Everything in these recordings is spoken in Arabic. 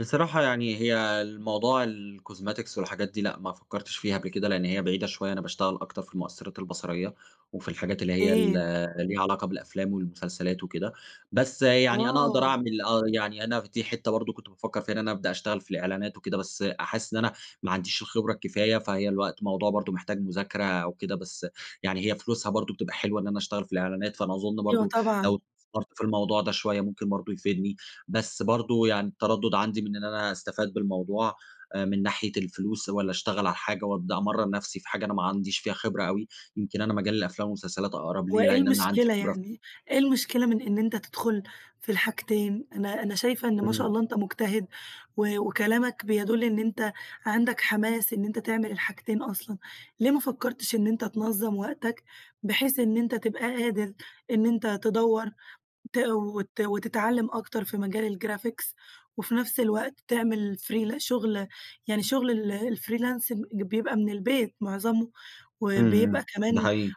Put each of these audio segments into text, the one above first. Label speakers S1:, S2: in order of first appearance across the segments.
S1: بصراحة، يعني هي الموضوع الcosmetics والحاجات دي لأ، ما فكّرتش فيها قبل كده، لإن هي بعيدة شوية. أنا باشتغَل أكتر في المؤثِّرات البصَريَّة وفي الحاجات اللي هي ال
S2: إيه؟
S1: ليها علاقة بالأفلام والمسلسلات وكده، بس يعني أنا اقدر
S2: آه.
S1: اعمل، آه يعني أنا دي حتة برضه كنت بافكَّر فيها إن أنا ابدأ اشتغَل في الإعلَانات وكده، بس حاسس إن أنا ما عنديش الخبرة الكفاية، فهي الوقت موضوع برضه محتاج مُذاكرة أو كده. بس يعني هي فلوسها برضه بتبقى حلوة إن أنا اشتغَل في الإعلَانات، فأنا أظن
S2: أيوه،
S1: برضه
S2: طبعًا.
S1: لو استثمرت في الموضوع ده شوية ممكن برضه يفيدني. بس برضه يعني التّردُّد عندي من إن أنا أستفِيد بالموضوع من ناحية الفلوس، والّا اشتغَل على حاجة وابدأ أمرّن نفسي في حاجة أنا ما عنديش فيها خبرة أوي. يمكن أنا مجال الأفلام والمسلسلات أقرب لي
S2: وإيه
S1: لإن أنا عندي
S2: المشكلة
S1: خبرة فيه.
S2: يعني؟ إيه المشكلة من إن أنتَ تدخل في الحاجتين؟ أنا أنا شايفة إن- ما شاء
S1: إمم.
S2: الله- أنتَ مجتهِد، و وكلامك بيدل إن أنتَ عندك حَماس إن أنتَ تعمل الحاجتين أصلًا. ليه ما فكّرتش إن أنتَ تنظّم وقتك، بحيث إن أنتَ تبقى قادر إن أنتَ تدوّر ت وت وتتعلَّم أكتر في مجال الgraphics، وفي نفس الوقت تعمل free لشغل، يعني شغل الfreelance بيبقى من البيت معظمه،
S1: إمم
S2: وبيبقى
S1: إمم،
S2: كمان
S1: ده حقيقي.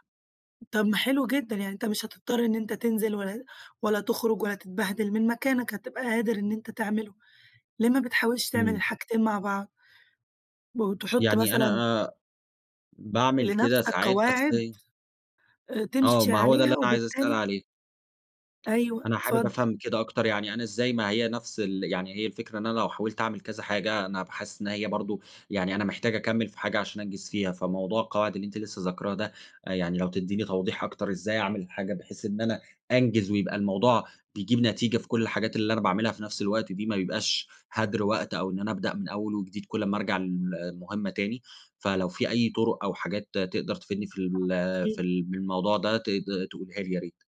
S2: طب ما حلو جدًا، يعني أنتَ مش هتضطر إن أنتَ تنزِل ولا ولا تخرج ولا تتبهدِل من مكانك. هتبقى قادر إن أنتَ تعمله. ليه ما بتحاولش تعمل
S1: إمم.
S2: الحاجتين مع بعض؟ وتحط
S1: يعني
S2: مثلًا
S1: أنا أ باعمل كده
S2: لنفسك
S1: ساعات، بس
S2: قواعد،
S1: ي
S2: أ
S1: آه،
S2: تمشي
S1: ما هو ده اللي
S2: عليها.
S1: أنا عايز اسأل
S2: وبالتالي
S1: عليه.
S2: أيوه
S1: أنا حابِب
S2: اتفضل.
S1: افهَم كده أكتر، يعني أنا إزاي ما هي نفس ال يعني هي الفكرة، إن أنا لو حاوِلت اعمَل كذا حاجة، أنا هابقى حاسس إن هي برضه يعني أنا محتاج أكمّل في حاجة عشان أنجِز فيها. فموضوع القواعد اللي أنتِ لسه ذاكِراه ده، يعني لو تدّيني توضيح أكتر، إزاي أعمل الحاجة بحيث إن أنا أنجِز، ويبقى الموضوع بيجِيب نتيجة في كل الحاجات اللي أنا باعملها في نفس الوقت دي، ما يبقاش هَدر وقت، أو إن أنا ابدأ من أول وجديد كل اما ارجع ل لمهمة تاني. فلو في أي طُرُق أو حاجات تقدر تفيدني في ال في
S2: [unintelligible]
S1: ال من الموضوع ده ت تقولها لي يا ريت؟